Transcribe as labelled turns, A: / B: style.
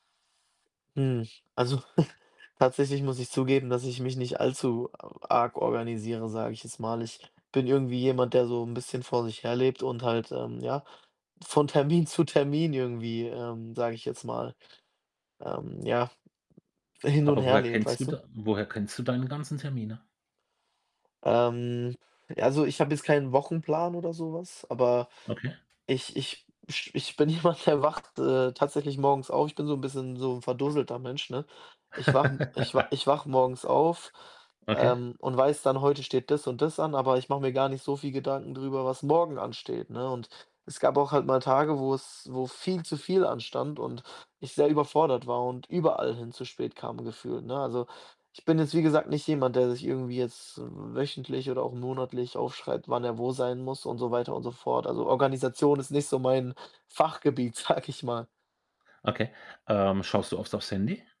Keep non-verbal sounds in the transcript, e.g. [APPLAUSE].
A: Hm, also, [SNORTS] tatsächlich muss ich zugeben, dass ich mich nicht allzu a arg organisiere, sage ich jetzt mal. Ich bin irgendwie jemand, der so 'n bisschen vor sich her lebt und halt, ähm, ja, von Termin zu Termin irgendwie, ähm, sage ich jetzt mal, ähm, ja, hin und
B: Aber
A: her
B: woher
A: lebt,
B: kennst du
A: weißt du?
B: dann woher kennst du deinen ganzen Termine?
A: Ähm, also, ich habe jetzt keinen Wochenplan oder so was, aber
B: Okay.
A: ich ich sch ich bin jemand, der wacht, äh, tatsächlich morgens auf. Ich bin so 'n bisschen so 'n verdusselter Mensch, ne? Ich wache 'n ich w
B: [LAUGHS]
A: ich wache morgens auf,
B: Okay.
A: ähm, und weiß dann, heute steht das und das an, aber ich mache mir gar nicht so viel Gedanken darüber, was morgen ansteht, ne, und es gab auch halt mal Tage, wo's wo viel zu viel anstand und ich sehr überfordert war und überall hin zu spät kam gefühlt, ne? Also, ich bin jetzt wie gesagt nicht jemand, der sich irgendwie jetzt wöchentlich oder auch monatlich aufschreibt, wann er wo sein muss und so weiter und so fort. Also, Organisation ist nicht so mein Fachgebiet, sage ich mal.
B: Okay, ähm, schaust du oft auf's Handy?